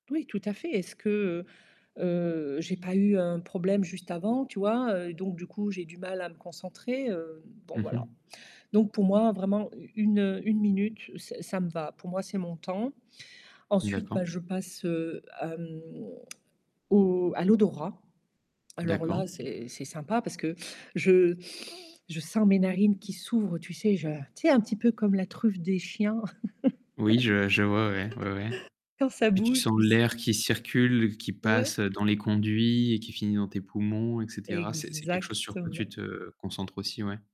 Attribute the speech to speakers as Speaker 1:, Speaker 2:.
Speaker 1: Oui, tout à fait. Est-ce que, heu, heu, j'ai pas eu un problème juste avant, tu vois? Heu, donc du coup, j'ai du mal à me concentrer, hem, bon
Speaker 2: Mmh
Speaker 1: voilà.
Speaker 2: mh.
Speaker 1: Donc pour moi, vraiment, u une, heu, 1 minute, ça ça me va. Pour moi, c'est mon temps. Ensuite,
Speaker 2: D'accord.
Speaker 1: bah, je passe, heu, à, mmh, au à l'odorat. Alors
Speaker 2: D'accord.
Speaker 1: là, c'est c'est sympa parce que je je sens mes narines qui s'ouvrent, tu sais je tu sais un petit peu comme la truffe des chiens.
Speaker 2: Oui je je vois, ouais, ouais, ouais.
Speaker 1: Quand ça
Speaker 2: Et tu
Speaker 1: bouge,
Speaker 2: sens
Speaker 1: tu sais.
Speaker 2: l'air qui circule, qui
Speaker 1: Ouais.
Speaker 2: passe dans les conduits et qui finit dans tes poumons et cetera, c'est c'est quelque chose sur quoi tu
Speaker 1: Exactement.
Speaker 2: te concentres aussi ouais.